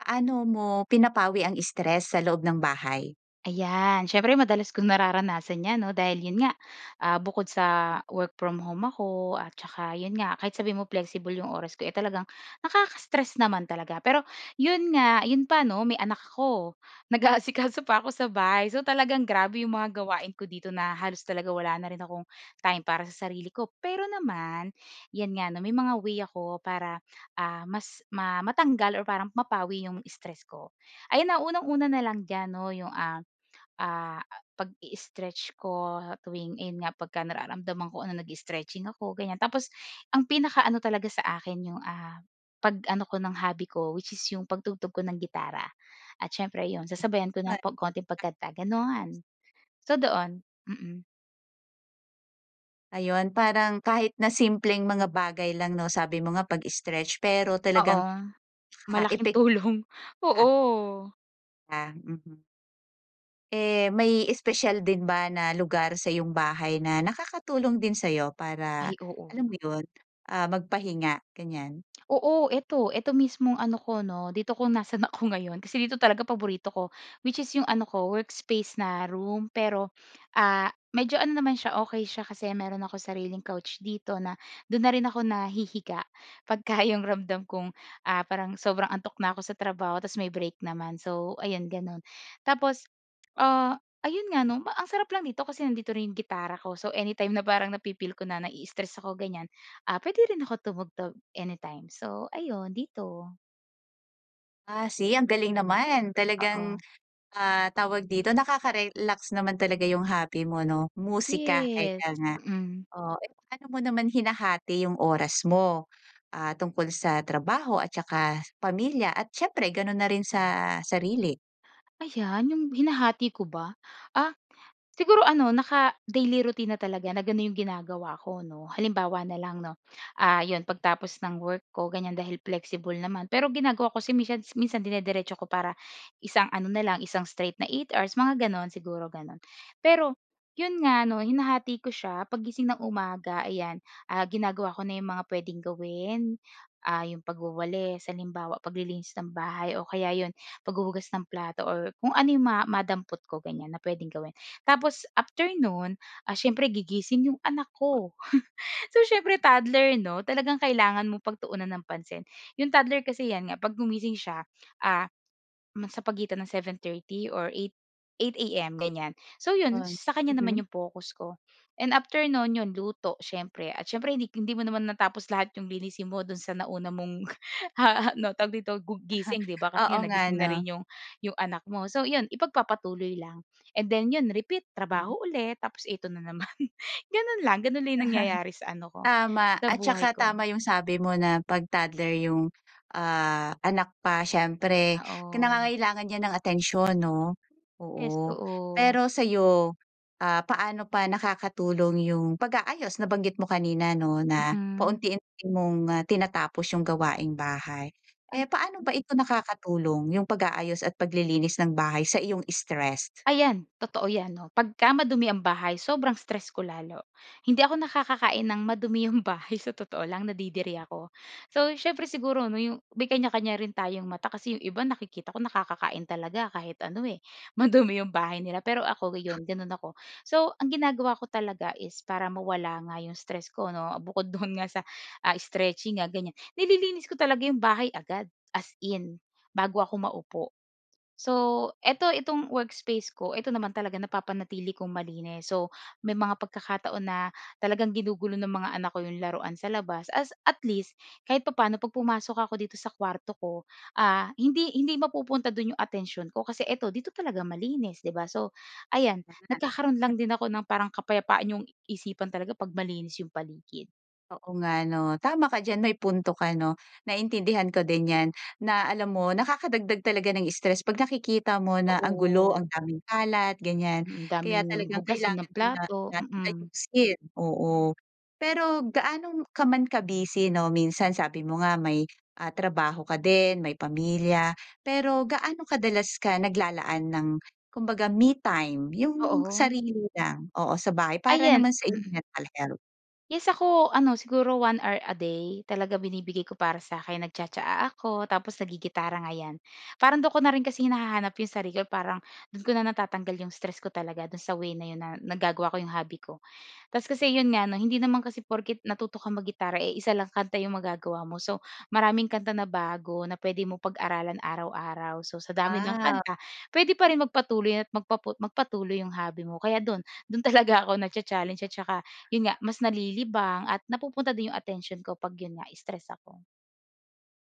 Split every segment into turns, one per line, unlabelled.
Paano mo pinapawi ang stress sa loob ng bahay?
Ayan, siyempre madalas kung nararanasan 'yan 'no dahil 'yon nga, ah, bukod sa work from home ako at saka 'yon nga kahit sabihin mo flexible 'yong oras ko eh, talagang nakaka-stress naman talaga. Pero 'yon nga, 'yon pa 'no, may anak ako. Nag-aasikaso pa ako sa bahay so talagang grabe 'yong mga gawain ko dito na halos talaga wala na rin akong time para sa sarili ko. Pero naman, 'yan nga 'no, may mga way ako para, ah, mas ma matanggal or parang mapawi 'yong stress ko. Ayan ah, unang-una na lang diyan 'no, 'yong, ah, ah, pagi-stretch ko tuwing ayun nga, pagka nararamdaman ko, ano nagi-stretching ako gan'yan. Tapos ang pinaka-ano talaga sa akin 'yong, ah, pag-ano ko ng hobby ko which is 'yong pagtugtog ko ng gitara. At siyempre 'yon, sasabayan ko ng pag konting pagkanta
[unintelligible]
gano'n. So doon. Mm.
Ayun, parang kahit na simpleng mga bagay lang 'no sabi mo nga pag-stretch pero
Oo.
talagang, ah,
Malaking
epek di
tulong.
ba?
Oo.
Ah, mhm. Eh, may espesyal din ba na lugar sa'yong bahay na nakakatulong din sa'yo
Ay,
para,
oo
alam
nga.
mo 'yun, ah, magpahinga, ganyan?
Oo, 'eto. 'Eto mismong ano ko 'no, dito kung nasaan ako ngayon. Kasi dito talaga paborito ko, which is 'yong ano ko, workspace na room. Pero ah, medyo ano naman siya, okey siya kasi meron ako sariling couch dito na do'n na rin ako nahihiga pagka 'yong ramdam kong ah, parang sobrang antok na ko sa trabaho, tapos may break naman. So, ayan gano'n. Tapos ah, ayun nga 'no, ma ang sarap lang dito kasi nandito rin 'yung gitara ko, so anytime na parang nafi-feel ko na nai-stress ako ganyan, ah, pwede rin ako tumugtog anytime. So, ayun dito.
Ah. See, ang galing naman.
Oo.
Talagang, ah, tawag dito, nakaka-relax naman talaga 'yung hobby mo, 'no? Musika,
Yes.
ika nga.
Mm.
Oo. Paano mo naman hinahati 'yung oras mo, ah, tungkol sa trabaho at tsaka pamilya at siyempre gano'n na rin sa sarili?
Ayan 'yong hinahati ko ba? Ah, siguro ano naka-daily routine na talaga na gano'n 'yong ginagawa ko, 'no. Halimbawa na lang 'no, ah, 'yon pagtapos ng work ko ganyan dahil flexible naman, pero ginagawa ko kasi minsan minsan dinidiretso ko para isang ano na lang isang straight na 8 hours, mga gano'n, siguro gano'n. Pero 'yon nga 'no, hinahati ko siya, paggising ng umaga ayan, ah, ginagawa ko na 'yong mga puwedeng gawin, ah, 'yong pagwawalis, halimbawa paglilinis ng bahay o kaya 'yon, paghuhugas ng plato or kung ano 'yong ma madampot ko ganyan, na puwedeng gawin. Tapos after no'n, ah, siyempre gigising 'yong anak ko. So siyempre toddler 'no. Talagang kailangan mong pagtuunan ng pansin. 'Yong toddler kasi 'yan nga 'pag gumising siya, ah, ma sa pagitan ng 7:30 or 8, 8 AM, ganyan. So 'yon,
'Yon.
sa kanya naman
Mhm.
'yong focus ko. And after no'n, 'yon luto siyempre, at siyempre hindi hindi mo naman natapos lahat 'yong linisin mo do'n sa nauna mong ano tawag dito gu gising, 'di ba, kasi
Oo
nga
nga,
nagising na
'no?
rin 'yong 'yong anak mo. So 'yon, ipagpapatuloy lang and then 'yon repeat.
Mhm.
Trabaho ulit, tapos ito na naman. Gano'n lang. Gano'n lang 'yong nangyayari sa ano ko,
Tama.
sa
At
buhay
saka
ko.
tama 'yung sabi mo na 'pag toddler 'yung ah, anak pa siyempre, ki
Oo.
nangangailangan 'yan ng atensyon, 'no?
Yes.
Oo.
Oo.
Pero sa'yo, ah, paano pa nakakatulong 'yong pag-aayos? Nabanggit mo kanina, 'no, na
Mm.
paunti-unti mong ah, tinatapos 'yong gawaing bahay.
Ay,
Eh, paano ba
mm.
ito nakakatulong 'yung pag-aayos at paglilinis ng bahay sa iyong stressed?
Ayan, totoo 'yan 'no. Pagka madumi ang bahay, sobrang stressed ko lalo. Hindi ako nakakakain ng madumi 'yong bahay, sa totoo lang nadidiri ako. So siyempre siguro 'no, 'yong may kanya-kanya rin tayong mata, kasi 'yong iba nakikita ko nakakakain talaga kahit ano, eh, madumi 'yong bahay nila. Pero ako 'yon, gano'n ako. So ang ginagawa ko talaga is para mawala nga 'yong stress ko 'no. Bukod do'n nga sa ah, stretching nga ganyan, nililinis ko talaga 'yong bahay agad, as in, bago ako maupo. So, ito, itong workspace ko, ito naman talaga napapanatili kong malinis. So, may mga pagkakataon na talagang ginugulo ng mga anak ko 'yong laruan sa labas as at least, kahit papa'no 'pag pumasok ako dito sa kuwarto ko, ah hindi hindi mapupunta do'n 'yong atensyon ko, kasi ito dito talaga malinis, 'di ba? So ayan, nagkakaroon lang
[unintelligible]
din ako ng parang kapayapaan 'yong isipan talaga 'pag malinis 'yong paligid.
Oo nga 'no. Tama ka diyan. May punto ka 'no, naintindihan ko din 'yan na alam mo nakakadagdag talaga ng stress 'pag nakikita mo na ang gulo,
Totoo.
ang daming kalat, ganyan.
Mm,
Kaya
daming
talagang
hugasin na
kailangan din na
plato,
natin
mm.
ayusin, oo. Pero gaano ka man ka-busy 'no, minsan sabi mo nga may, ah, trabaho ka din, may pamilya, pero gaano kadalas ka naglalaan ng kumbaga me-time, yung
Oo.
sarili mo lang? Oo, sa bahay para
Ayan.
naman sa iyong
Mm.
mental health?
Yes ako, ano siguro 1 hour a day, talaga binibigay ko para sa'kin nagtsa-tsa-a ako tapos naggi-gitara nga 'yan. Parang do'n ko na rin kasi hinahanap yung sarili ko, parang do'n ko na natatanggal yung stress ko talaga do'n sa way na 'yon na nagagawa ko yung hobby ko. Tas kasi 'yon nga 'no hindi naman kasi porke't natuto ka mag-gitara, eh, isa lang kanta yung magagawa mo. So, maraming kanta na bago na pwede mong pag-aralan araw-araw. So, sa dami ng
Ah.
kanta pwede pa rin magpatuloy at magpapo magpatuloy yung hobby mo. Kaya do'n, do'n talaga ako nacha-challenge at saka 'yon nga, mas nalilibang at napupunta din yung atensyon ko 'pag 'yon nga, stress ako.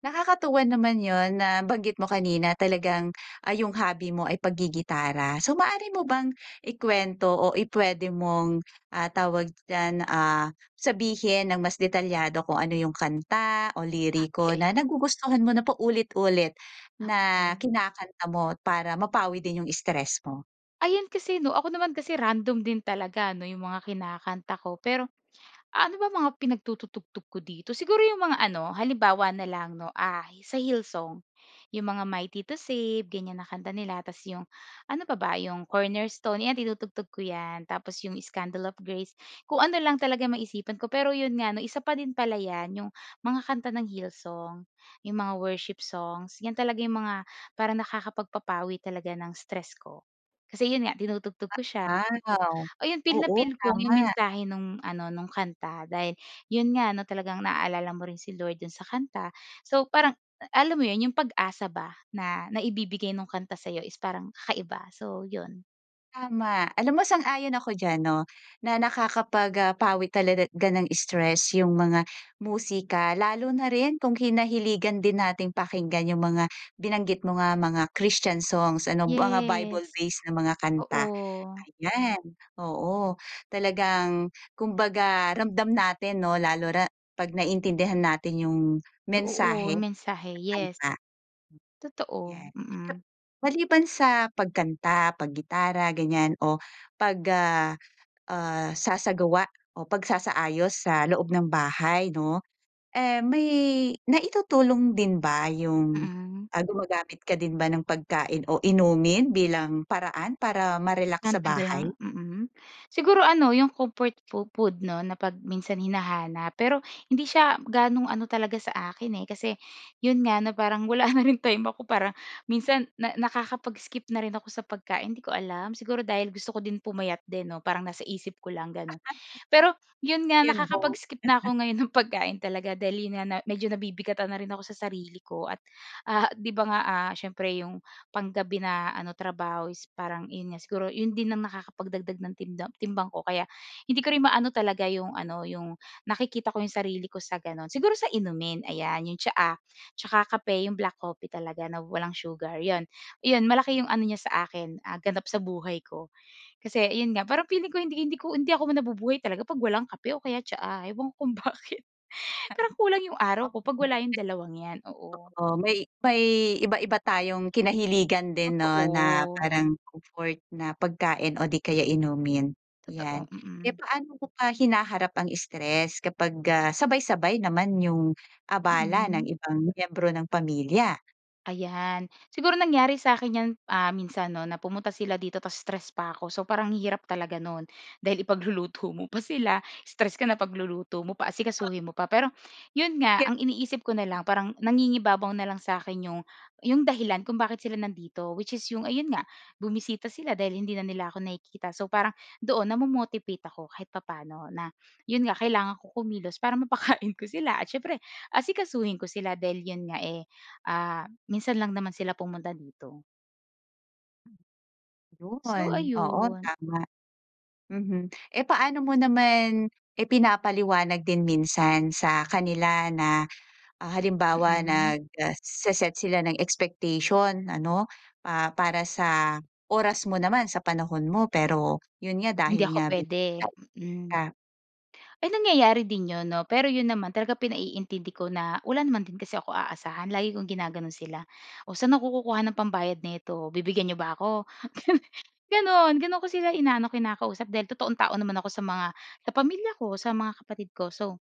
Nakakatuwa naman 'yon. Nabanggit mo kanina talagang, ah, 'yong hobby mo ay paggi-gitara. So maaari mo bang ikwento o i pwede mong, ah, tawag diyan, ah, sabihin ng mas detalyado kung ano 'yong kanta o liriko
Okey.
na nagugustuhan mo na paulit-ulit na
Hmm.
kinakanta mo para mapawi din 'yong stress mo?
Ayun kasi 'no. Ako naman kasi random din talaga 'no 'yong mga kinakanta ko. Pero ah, ano bang mga pinagtututugtog ko dito? Siguro 'yong mga ano, halimbawa na lang 'no, ah, sa Hillsong. 'Yong mga Mighty to Save, ganyan na kanta nila tapos 'yong ano pa ba? 'Yong Cornerstone, 'yan tinutugtog ko 'yan. Tapos 'yong Scandal of Grace. Kung ano lang talaga maisipan ko. Pero 'yon nga 'no, isa pa din pala 'yan, 'yong mga kanta ng Hillsong 'yong mga worship songs. 'Yan talaga 'yong mga parang nakakapagpapawi talaga ng stress ko. Kasi 'yon nga tinutugtog ko siya.
Ah, wow!
Ayun feel na
Oo,
feel ko 'yong
tama.
mensahe nung ano, nung kanta dahil 'yon nga 'no, talagang naalala mo rin si Lord dun sa kanta. So parang alam mo 'yon, 'yong pag-asa ba na naibibigay ng kanta sa'yo is parang kakaiba. So, 'yon.
Tama. Alam mo, sang-ayon ako diyan, 'no, na nakakapag ah, pawi talaga gan ng stress yung mga musika. Lalo na rin kung kinahiligan din nating pakinggan yung mga binanggit mo nga, mga Christian songs ano, mga
Yes.
Bible-based na mga kanta.
Oo.
Ayan, oo, talagang kumbaga, ramdam natin, 'no, lalo na 'pag naiintindihan natin yung
Eh, oo,
mensahe ng
mensahe, yes.
kanta. Hmm,
Totoo,
yan.
mm.
Maliban sa pagkanta, paggitara ganyan, o pag ah, ah, sasagawa o pagsasaayos sa loob ng bahay, 'no, eh, may naitutulong din ba yung,
Mm.
ah gumagamit ka din ba ng pagkain o inumin bilang paraan para ma-relax
Ang
sa bahay?
kanilang Mm. Siguro ano 'yong comfort fo food, 'no, na pag minsan hinahanap, pero hindi siya ganong ano talaga sa akin, eh. Kasi yun nga, na parang wala na ring time ako para minsan, na nakakapag-skip na rin ako sa pagkain. Hindi ko alam, siguro, dahil gusto ko din pumayat din, 'no? Parang nasa isip ko lang ganun, pero 'yon nga
'Yon, both.
nakakapag-skip na ako ngayon ng pagkain talaga, dali na na medyo nabibigatan na rin ako sa sarili ko at, ah, 'di ba? Nga, ah, siyempre, 'yong pang gabi na ano, trabaho is parang 'yon nga siguro 'yon din ang nakakapagdagdag ng timdam timbang ko. Kaya hindi ko rin maano talaga 'yong ano, 'yong nakikita ko 'yong sarili ko sa gano'n. Siguro, sa inumin ayan 'yong tsaa, tsaka kape, 'yong black coffee talaga na walang sugar 'yon, 'yon malaki 'yong ano niya sa akin, ah, ganap sa buhay ko, kasi 'yon nga parang feeling ko hindi hindi ko hindi ako nabubuhay talaga 'pag walang kape o kaya tsaa. Ewan ko kung bakit, parang kulang 'yong araw ko 'pag wala 'yong
[unintelligible]
dalawang 'yan, oo.
Oo, may may iba-iba tayong kinahiligan din, 'no, na
Totoo.
parang comfort na pagkain o 'di kaya inumin.
Totoo,
'Yan, kaya
mm.
paano mo pa hinaharap ang stress kapag, ah, sabay-sabay naman yung abala ng
Hmm.
ibang miyembro ng pamilya?
Ayan. Siguro nangyari sa'kin 'yan, ah, minsan, 'no, na pumunta sila dito ta's stress pa'ko. So, parang ang hirap talaga no'n, dahil ipagluluto mo pa sila, stress ka na pagluluto mo pa,
oh.
asikasuhin mo pa. Pero, 'yon nga
[unintelligible]
ang iniisip ko na lang parang nangingibabaw na lang sa'kin 'yong 'yong dahilan kung bakit sila nandito which is 'yong ayun nga, bumisita sila dahil hindi na nila ako nakikita. So, parang doon namo-motivate ako kahit papa'no na, 'yon nga kailangan ko kumilos para mapakain ko sila at siyempre asikasuhin ko sila dahil 'yon nga, eh, ah, minsan lang naman sila pumunta dito. So,
'Yon, oo
ayun.
tama. Mhm. Eh, paano mo naman, ipinapaliwanag din minsan sa kanila na, ah halimbawa
Mhm.
nagse-set sila ng expectation ano, ah, para sa oras mo naman sa panahon mo pero 'yon nga
Hindi
dahil
ako
nga bi
pwede,
nga
mm.
ika
Ay nangyayari din 'yon, 'no, pero 'yon naman talaga pinaiintindi ko na wala naman din kasi ako aasahan lagi kong ginagano'n sila. O, sa'n ako kukuha ng pambayad nito? Bibigyan n'yo ba ako? Gan gano'n. Gano'n ko sila inaano, kinakausap dahil totoong tao naman ako sa mga sa pamilya ko, sa mga kapatid ko, so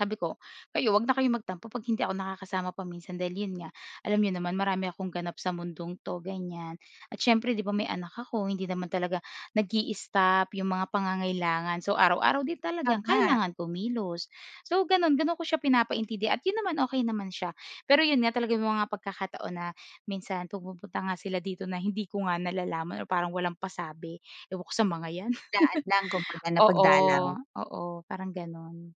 sabi ko. "Kayo huwag na kayong magtampo 'pag hindi ako nakakasama pa-minsan dahil 'yon nga alam niyo naman, marami akong ganap sa mundong 'to", ganyan. At siyempre, 'di ba, may anak ako hindi naman talaga nagi-stop yung mga pangangailangan. So araw-araw din talagang
Tama.
kailangan kumilos. So gano'n gano'n ko siya pinapaintindi at 'yon naman okey naman siya. Pero 'yon nga talaga may mga pagkakataon na, minsan pumupunta nga sila dito na hindi ko nga nalalaman o parang walang pasabi. Ewan ko sa mga 'yan.
Daan lang, kumbaga na pagdalaw.
Oo, oo, parang gano'n.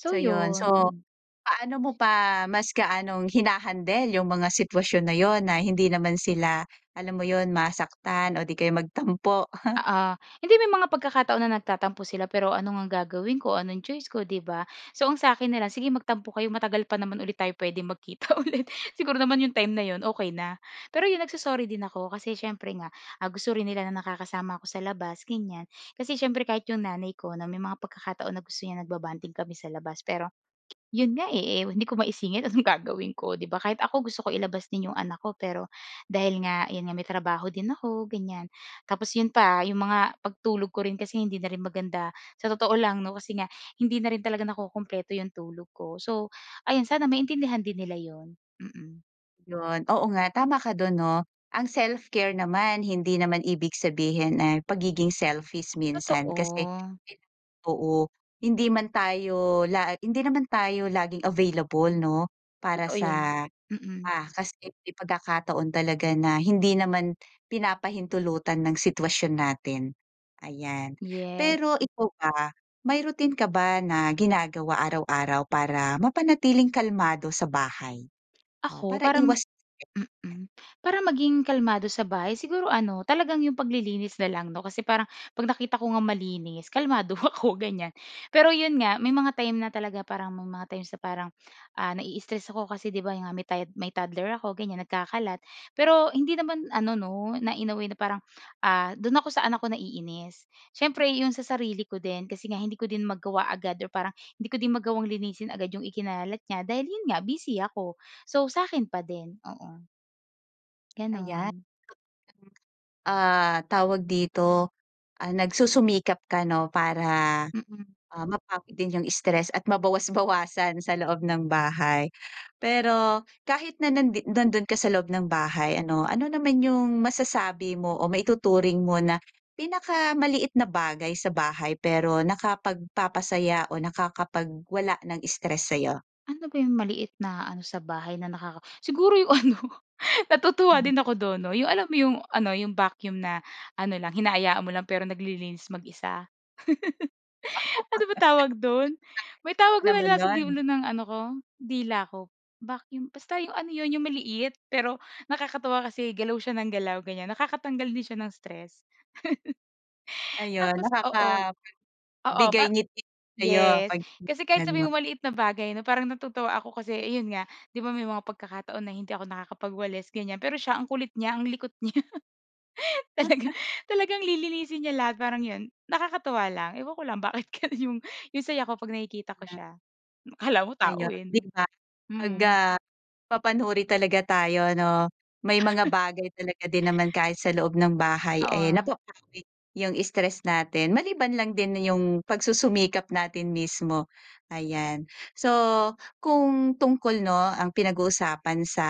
So,
So, 'yun. So,
yun. Mm.
paano mo pa mas gaanong hina-handle 'yung mga sitwasyon na 'yun na hindi naman sila, alam mo 'yun, masaktan o di kaya magtampo?
Oo. Hindi, may mga pagkakataon na nagtatampo sila pero ano ngang gagawin ko, anong choice ko, 'di ba? So ang sa akin na lang, sige magtampo kayo matagal pa naman ulit tayo puwedeng magkita ulit. Siguro naman 'yung time na 'yun okey na. Pero 'yung nagso-sorry din ako. Kasi siyempre nga, ah, gusto rin nila na nakakasama ako sa labas, ganyan. Kasi siyempre kahit 'yung nanay ko na may mga pagkakataon na gusto niya nagba-bonding kami sa labas. Pero 'yun nga eh, eh hindi ko maisingit, anong gagawin ko, 'di ba? Kahit ako gusto kong ilabas din 'yung anak ko, pero dahil nga 'yan nga may trabaho din ako, ganyan. Tapos 'yun pa, 'yung mga pagtulog ko rin kasi hindi na rin maganda sa totoo lang 'no, kasi nga hindi na rin talaga nakukumpleto yung tulog ko. So ayun sana maintindihan din nila 'yun, mm.
Yun, oo nga tama ka do'n 'no. Ang self-care naman hindi naman ibig sabihin ay pagiging selfish minsan. Kasi
Totoo.
[unintelligible] oo hindi man tayo lag hindi naman tayo laging available 'no, para
Totoo yun,
sa,
mm.
ah, kasi may pagkakataon talaga na hindi naman pinapahintulutan ng sitwasyon natin, ayan.
Yes.
Pero ikaw ba may routine ka ba na ginagawa araw-araw para mapanatiling kalmado sa bahay, o
Ako,
para
parang
iwas
mm. Para maging kalmado sa bahay siguro ano talagang 'yung paglilinis na lang 'no, kasi parang 'pag nakita ko ngang malinis kalmado ako ganyan. Pero 'yun nga, may mga time na talaga parang may mga times na parang, ah, na-i-stress ako kasi, 'di ba nga may tod may toddler ako ganyan, nagkakalat. Pero hindi naman ano 'no na, in a way na parang, ah, dun ako sa anak ko naiinis. Siyempre 'yun sa sarili ko din kasi nga hindi ko din magawa agad or parang hindi ko din magawang linisin agad 'yung ikinalat niya dahil 'yun nga busy ako. So sa akin pa din, oo.
Ayan
Gano'n.
Ah, tawag dito, ah, nagsusumikap ka 'no, para
Mm.
ah, mapawi din 'yung stress at mabawas-bawasan sa loob ng bahay. Pero kahit na nandi nandun ka sa loob ng bahay ano, ano naman 'yung masasabi mo o maituturing mo na pinakamaliit na bagay sa bahay pero nakapagpapasaya o nakakapagwala ng stress sayo?
Ano ba 'yung maliit na ano sa bahay na nakaka siguro 'yung ano, natutuwa
Mhm.
din ako dun 'no, 'yung alam mo 'yung ano, yung vacuum na ano lang, hinaayaan mo lang pero naglilinis mag-isa? Ano ba tawag dun? May
[unintelligible]
tawag dun na
Naman
nasa
nun.
dulo ng ano ko, dila ko. Vacuum, basta 'yung ano 'yun, 'yung maliit, pero nakakatuwa kasi galaw siya ng galaw ganyan, nakakatanggal din siya ng stress.
Ayun,
Tapos oo.
nakakapagbigay
Oo pa
ngiti sa'yo
yes.
'pag
Kasi kahit
tinitingnan
sabihin
mo.
mo maliit na bagay 'no, parang natutuwa ako kasi ayun nga, 'di ba may mga pagkakataon na hindi ako nakakapagwalis, ganyan. Pero siya ang kulit niya, ang likot niya talagang, talagang lilinisin niya lahat. Parang 'yun, nakakatuwa lang, ewan ko lang bakit gano'n 'yung yung saya ko 'pag nakikita ko siya. Akala mo tao
Ayun,
eh
'di
'no.
ba, 'pag,
Mm.
ah, mapanuri talaga tayo 'no, may mga bagay talaga din naman kahit sa loob ng bahay eh,
Oo.
napapawi 'yung stress natin, maliban lang din 'yung pagsusumikap natin mismo, ayan. So, kung tungkol 'no, ang pinag-uusapan sa,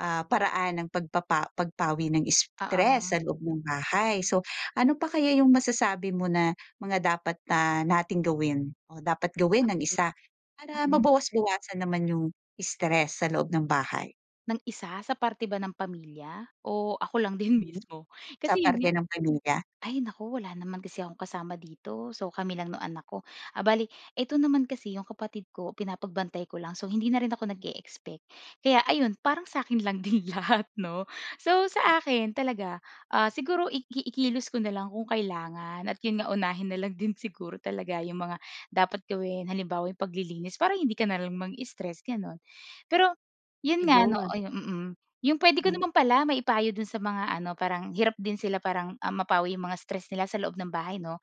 ah, paraan ng pagpapa pagpawi ng stress
Oo.
sa loob ng bahay, so ano pa kaya 'yung masasabi mo na mga dapat na nating gawin o dapat
Ah
gawin ng
hi
isa para
Mm.
mabawas-bawasan naman 'yung stress sa loob ng bahay?
Ng isa sa parte ba ng pamilya, o ako lang din
Hmm,
mismo?
sa
Kasi,
parte ng pamilya?
ay nako, wala naman kasi akong kasama dito. So, kami lang nung anak ko. Bale, ito naman kasi yong kapatid ko pinapagbantay ko lang. So, hindi na rin ako nag-e-expect. Kaya ayun parang sa akin lang din lahat, 'no? So, sa akin talaga, ah, siguro, i i kilos ko na lang kung kailangan, at yon nga unahin na lang din siguro talaga yong mga dapat gawin. Halimbawa, yun paglilinis para hindi ka na lang mang-stress, gano'n. Pero, yun nga ano,
Ayun.
mm, yung pwede ko
Hmm.
naman pala maipayo dun sa mga ano, parang hirap din sila parang, ah, mapawi yung mga stress nila sa loob ng bahay, no!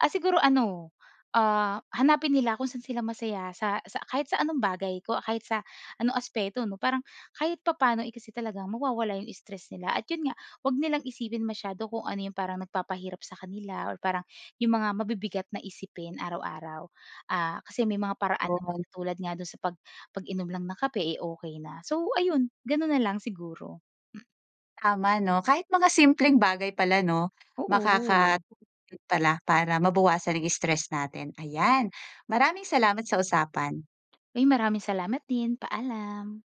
Ah, siguro ano, ah, hanapin nila kung saan sila masaya sa sa kahit sa anong bagay ko kahit sa ano aspeto, 'no? Parang, kahit papaano, eh, kasi talagang mawawala yung stress nila, at yun nga huwag nilang isipin masyado kung ano yung parang nagpapahirap sa kanila, or parang yung mga mabibigat na isipin araw-araw. Ah, kasi may mga paraan naman
Yun.
katulad nga do'n sa pag pag-inom lang ng kape, eh, okey na. So, ayun ganun na lang siguro. Hmm.
Tama 'no, kahit mga simpleng bagay pala, 'no?
Oo.
Makakatulong pala para mabawasan ang stress natin. Ayan, maraming salamat sa usapan.
Uy, maraming salamat din, paalam.